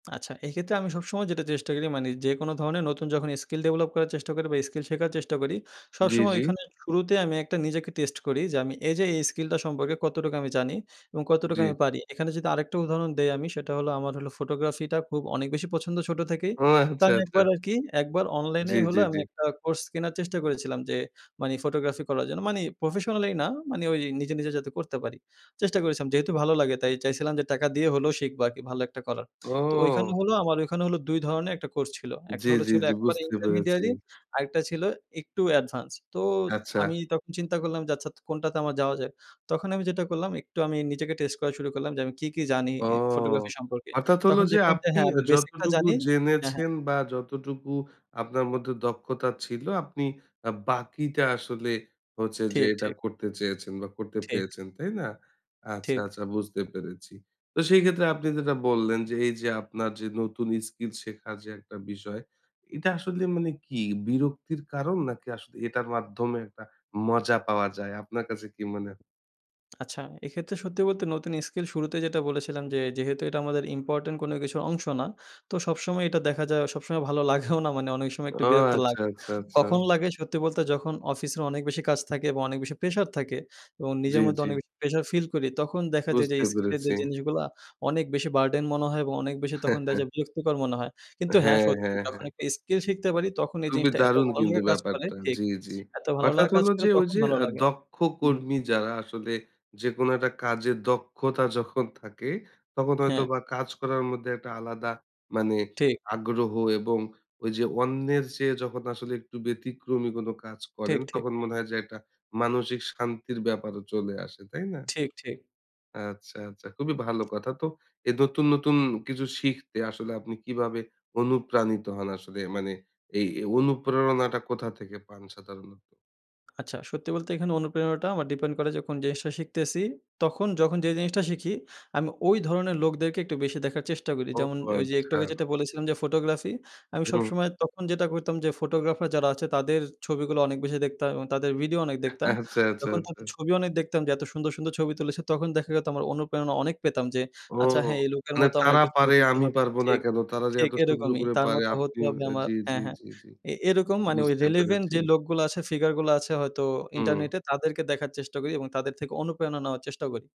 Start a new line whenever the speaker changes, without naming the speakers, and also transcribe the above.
আচ্ছা এই ক্ষেত্রে আমি সবসময় যেটা চেষ্টা করি মানে যে কোনো ধরনের নতুন যখন স্কিল ডেভেলপ করার চেষ্টা করি বা স্কিল শেখার চেষ্টা করি
জ্বি,
সবসময়
জ্বি।
ওইখানে শুরুতেই আমি একটা নিজেকে টেস্ট করি। যে আমি এই যে এই স্কিলটা সম্পর্কে কতটুক আমি জানি এবং কতটুক
জ্বি।
আমি পারি? এখানে যদি আরেকটা উদাহরণ দেই আমি সেটা হল আমার হল ফটোগ্রাফিটা খুব অনেক বেশি পছন্দ ছোটো থেকেই।
ওহ
তো
আচ্ছা,
আমি
আচ্ছা।
একবার আর কি একবার
জ্বী,
অনলাইনেই হলো
জ্বী,
আমি
জ্বী।
একটা কোর্স কেনার চেষ্টা করেছিলাম যে মানে ফটোগ্রাফি করার জন্য মানে প্রফেশনালি না মানে ওই নিজে, নিজে যাতে করতে পারি। চেষ্টা করেছিলাম যেহেতু ভালো লাগে তাই চাইছিলাম যে টাকা দিয়ে হলেও শিখবো আর কি ভালো একটা করার। তো ওইখানে
ও।
হলো আমার ওইখানে হল ২ ধরনের একটা কোর্স ছিল। একটা
জ্বী,
হল
জ্বী,
ছিল
জ্বী,
একেবারে
বুঝতে পেরেছি।
ইন্টারমিডিয়ারি আরেকটা ছিল একটু অ্যাডভান্স। তো
আচ্ছা।
আমি তখন চিন্তা করলাম যে আচ্ছা তা কোনটাতে আমার যাওয়া যায়। তখন আমি যেটা করলাম একটু আমি নিজেকে টেস্ট করা শুরু করলাম যে আমি কী, কী জানি
ও
ফটোগ্রাফি সম্পর্কে।
অর্থাৎ হলো
তখন
যে
দেখলাম যে
আপনি
হ্যাঁ
এ্যা
আমি বেসিকটা
যতটুকু
জানি হ্যাঁ, হ্যাঁ।
জেনেছেন বা যতটুকু আপনার মধ্যে দক্ষতা ছিল আপনি আ বাকিটা আসলে হচ্ছে যে
ঠিক,
এটা
ঠিক।
করতে চেয়েছেন বা করতে
ঠিক।
পেরেছেন। তাই না? আচ্ছা,
ঠিক।
আচ্ছা বুঝতে পেরেছি। তো সেই ক্ষেত্রে আপনি যেটা বললেন যে এই যে আপনার যে নতুন স্কিল শেখার যে একটা বিষয় এটা আসলে মানে কি? বিরক্তির কারণ নাকি আসলে এটার মাধ্যমে একটা মজা পাওয়া যায়? আপনার কাছে কি মনে
আচ্ছা এক্ষেত্রে সত্যি বলতে, নতুন স্কিল শুরুতেই যেটা বলেছিলাম যে, যেহেতু এটা আমাদের ইম্পোর্টেন্ট কোনো কিছুর অংশ না তো সবসময় এটা দেখা যায় সবসময় ভালো লাগেও না মানে অনেক সময় একটু
ও
বিরক্ত
আচ্ছা,
লাগে।
আচ্ছা, আচ্ছা।
কখন লাগে সত্যি বলতে যখন অফিসের অনেক বেশি কাজ থাকে এবং অনেক বেশি প্রেশার থাকে এবং
জ্বী,
নিজের মধ্যে
জ্বী।
অনেক বেশি প্রেশার ফিল করি তখন দেখা যায় যে
বুঝতে
স্কিলের যে
পেরেছি।
জিনিসগুলা অনেক বেশি বার্ডেন মনে হয়। এবং অনেক বেশি তখন দেখা যায় বিরক্তিকর মনে হয়। কিন্তু হ্যাঁ
হ্যাঁ,
সত্যি
হ্যাঁ,
যখন
হ্যাঁ।
একটা স্কিল শিখতে পারি তখন এই
খুবই
জিনিসটা এত
দারুণ
ভালো
কিন্তু
লাগা কাজ করে
ব্যাপারটা।
ঠিক
জ্বি, জ্বি।
এত ভালো
অর্থাৎ
লাগা কাজ
হলো
করে
যে ঐ
তখন
যে
ভালো
আ
লাগে
দক্ষ
হুম।
কর্মী যারা আসলে যেকোনো একটা কাজের দক্ষতা যখন থাকে তখন হয়তো
হ্যাঁ।
বা কাজ করার মধ্যে একটা আলাদা মানে
ঠিক।
আগ্রহ এবং ওই যে অন্যের চেয়ে যখন আসলে একটু ব্যতিক্রমী কোনো কাজ করেন
ঠিক, ঠিক।
তখন মনে হয় যে একটা মানসিক শান্তির ব্যাপারও চলে আসে। তাই না?
ঠিক, ঠিক।
আচ্ছা, আচ্ছা খুবই ভালো কথা তো এই নতুন, নতুন কিছু শিখতে আসলে আপনি কিভাবে অনুপ্রাণিত হন আসলে? মানে এই, এই অনুপ্রেরণাটা কোথা থেকে পান সাধারণত?
আচ্ছা। সত্যি বলতে এখানে অনুপ্রেরণাটা আমার ডিপেন্ড করে যখন জিনিসটা শিখতেছি। তখন যখন যে জিনিসটা শিখি আমি ওই ধরনের লোকদেরকে একটু বেশি দেখার চেষ্টা করি।
ও,
যেমন ওইযে একটু আগে
আচ্ছা।
যেটা বলেছিলাম যে ফটোগ্রাফি। আমি
হুম।
সবসময় তখন যেটা করতাম যে ফটোগ্রাফার যারা আছে তাদের ছবিগুলো অনেক বেশি দেখতাম এবং তাদের ভিডিও অনেক দেখতাম।
আচ্ছা, আচ্ছা,
যখন
আচ্ছা
তাদের ছবিও অনেক দেখতাম যে এত সুন্দর, সুন্দর ছবি তুলেছে তখন দেখা যেত আমার অনুপ্রেরণা অনেক পেতাম যে,
ও,
আচ্ছা হ্যাঁ এই লোকের
মানে
মতো আমার
তারা
একটু ছবি
পারে
তুলতে
আমি
হবে।
পারবো না
ঠিক,
কেন? তারা যে
ঠিক
এত সুন্দর
এরকমই।
করে
তার
পারে
মতো হতে
আপনিও
হবে আমার।
জ্বী, জ্বী,
হ্যাঁ, হ্যাঁ।
জ্বী, জ্বী।
এ এরকম মানে ওই
বুঝতে
রিলেভেন্ট
পেরেছি।
যে লোকগুলা আছে ফিগারগুলা আছে হয়তো
হুম।
ইন্টারনেটে তাদেরকে দেখার চেষ্টা করি এবং তাদের থেকে অনুপ্রেরণা নেওয়ার চেষ্টা করি।